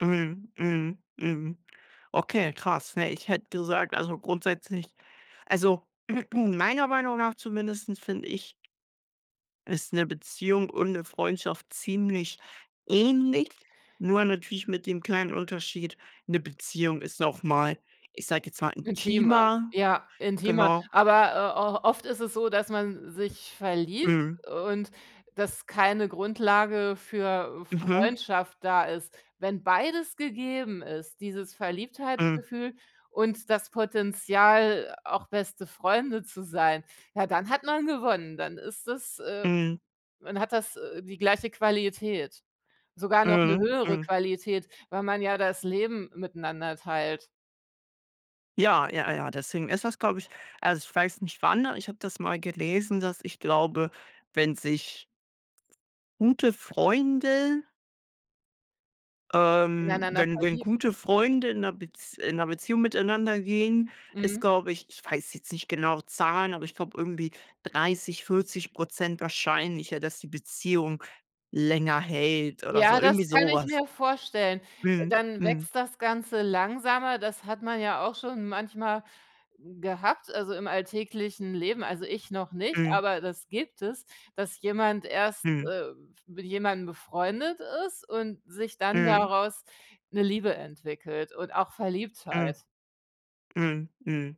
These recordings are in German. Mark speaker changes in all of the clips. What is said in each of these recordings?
Speaker 1: Eben. Eben. Eben. Okay, krass. Ne, ich hätte gesagt, also grundsätzlich also, meiner Meinung nach zumindest finde ich ist 'ne Beziehung und 'ne Freundschaft ziemlich ähnlich. Nur natürlich mit dem kleinen Unterschied, 'ne Beziehung ist noch mal, ich sage jetzt mal,
Speaker 2: Intimer,
Speaker 1: intimer.
Speaker 2: ja, intimer.
Speaker 1: Genau.
Speaker 2: Aber, äh, o oft ist es so, dass man sich verliebt
Speaker 1: Mhm.
Speaker 2: und dass keine Grundlage für, äh,
Speaker 1: Mhm.
Speaker 2: Freundschaft da ist. Wenn beides gegeben ist, dieses
Speaker 1: Mhm.
Speaker 2: Verliebtheitsgefühl und das Potenzial, auch beste Freunde zu sein, ja, dann hat man gewonnen. Dann ist es äh,
Speaker 1: Mhm.
Speaker 2: dann hat das, äh, die gleiche Qualität. Sogar noch 'ne
Speaker 1: Mhm,
Speaker 2: höhere
Speaker 1: mhm.
Speaker 2: Qualität, weil man ja das Leben miteinander teilt.
Speaker 1: Ja, ja, ja, deswegen ist das, glaube ich also, ich weiß nicht wann, ich habe das mal gelesen, dass ich glaube, wenn sich gute Freunde ähm,
Speaker 2: Ineinander
Speaker 1: wenn wenn
Speaker 2: verlieben.
Speaker 1: gute Freunde in 'ner Bez in 'ner Beziehung miteinander gehen, ist,
Speaker 2: Mhm.
Speaker 1: glaube ich ich weiß jetzt nicht genau Zahlen, aber ich glaube irgendwie 30, 40 % wahrscheinlicher, dass die Beziehung länger hält oder so.
Speaker 2: Ja, das
Speaker 1: Irgendwie
Speaker 2: kann
Speaker 1: so
Speaker 2: ich
Speaker 1: was.
Speaker 2: mir vorstellen.
Speaker 1: Mhm,
Speaker 2: Dann
Speaker 1: mhm.
Speaker 2: wächst das Ganze langsamer. Das hat man ja auch schon manchmal gehabt, also im alltäglichen Leben. Also, ich noch nicht,
Speaker 1: Mhm.
Speaker 2: aber das gibt es, dass jemand erst,
Speaker 1: Mhm.
Speaker 2: äh, f mit jemandem befreundet ist und sich dann
Speaker 1: Mhm.
Speaker 2: daraus 'ne Liebe entwickelt und auch
Speaker 1: Mhm.
Speaker 2: Verliebtheit.
Speaker 1: Mhm, mhm.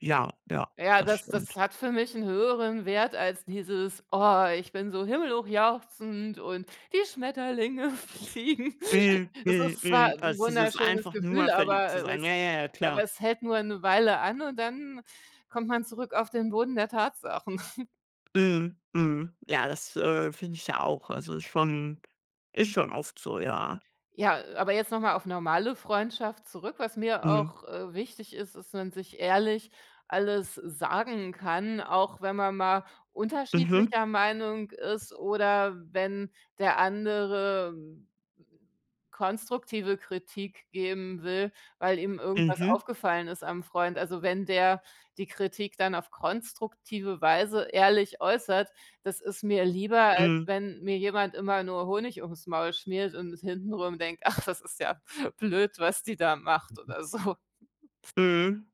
Speaker 1: Ja, ja,
Speaker 2: Ja,
Speaker 1: das
Speaker 2: das das
Speaker 1: stimmt.
Speaker 2: hat für mich 'n höheren Wert als dieses: „Oh, ich bin so himmelhochjauchzend und die Schmetterlinge fliegen."
Speaker 1: Mhm,
Speaker 2: Es
Speaker 1: mhm,
Speaker 2: ist zwar
Speaker 1: mhm.
Speaker 2: 'n
Speaker 1: Also, dieses
Speaker 2: wunderschönes
Speaker 1: einfach nur
Speaker 2: Gefühl,
Speaker 1: verliebt
Speaker 2: aber,
Speaker 1: zu
Speaker 2: äh,
Speaker 1: sein.
Speaker 2: es
Speaker 1: Ja, ja, ja
Speaker 2: aber
Speaker 1: klar.
Speaker 2: es hält nur 'ne Weile an und dann kommt man zurück auf den Boden der Tatsachen.
Speaker 1: Mhm, mhm. Ja, das, äh, finde ich ja auch. Also ist schon ist schon oft so, ja.
Speaker 2: Ja, äh, aber jetzt noch mal auf normale Freundschaft zurück. Was mir
Speaker 1: Mhm.
Speaker 2: auch, äh, wichtig ist, ist, wenn sich ehrlich alles sagen kann, auch wenn man mal
Speaker 1: Mhm.
Speaker 2: unterschiedlicher Meinung ist oder wenn der andere konstruktive Kritik geben will, weil ihm irgendwas
Speaker 1: Mhm.
Speaker 2: aufgefallen ist am Freund. Also, wenn der die Kritik dann auf konstruktive Weise ehrlich äußert, das ist mir lieber, als
Speaker 1: Mhm.
Speaker 2: wenn mir jemand immer nur Honig ums Maul schmiert und hintenrum denkt: „Ach, das ist ja blöd, was die da macht",
Speaker 1: Mhm.
Speaker 2: oder so.
Speaker 1: Mhm.